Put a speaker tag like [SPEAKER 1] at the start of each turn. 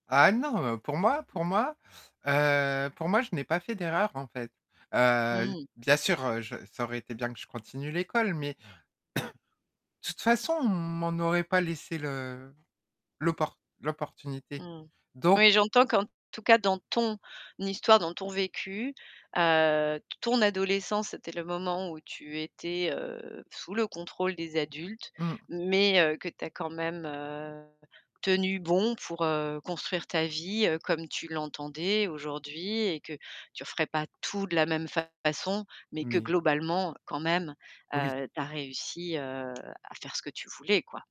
[SPEAKER 1] Ah non, heu, pour moi pour moi, heu, pour moi, je n'ai pas fait d'erreur, en fait, heu,
[SPEAKER 2] Mmh.
[SPEAKER 1] bien sûr, heu, je ça aurait été bien que je continue l'école, mais de toute façon, on m'en aurait pas laissé le l'opport l'opportunité
[SPEAKER 2] Mmh,
[SPEAKER 1] donc
[SPEAKER 2] oui, j'entends qu'en tout cas, dans ton histoire, dans ton vécu, heu, ton adolescence, c'était le moment où tu étais, heu, sous le contrôle des adultes
[SPEAKER 1] Mmh.
[SPEAKER 2] mais heu, que tu as quand même heu, tenu bon pour heu, construire ta vie, heu, comme tu l'entendais aujourd'hui et que tu referais pas tout de la même façon mais que
[SPEAKER 1] Mais
[SPEAKER 2] globalement quand même,
[SPEAKER 1] Oui.
[SPEAKER 2] heu, tu as réussi, heu, à faire ce que tu voulais, quoi.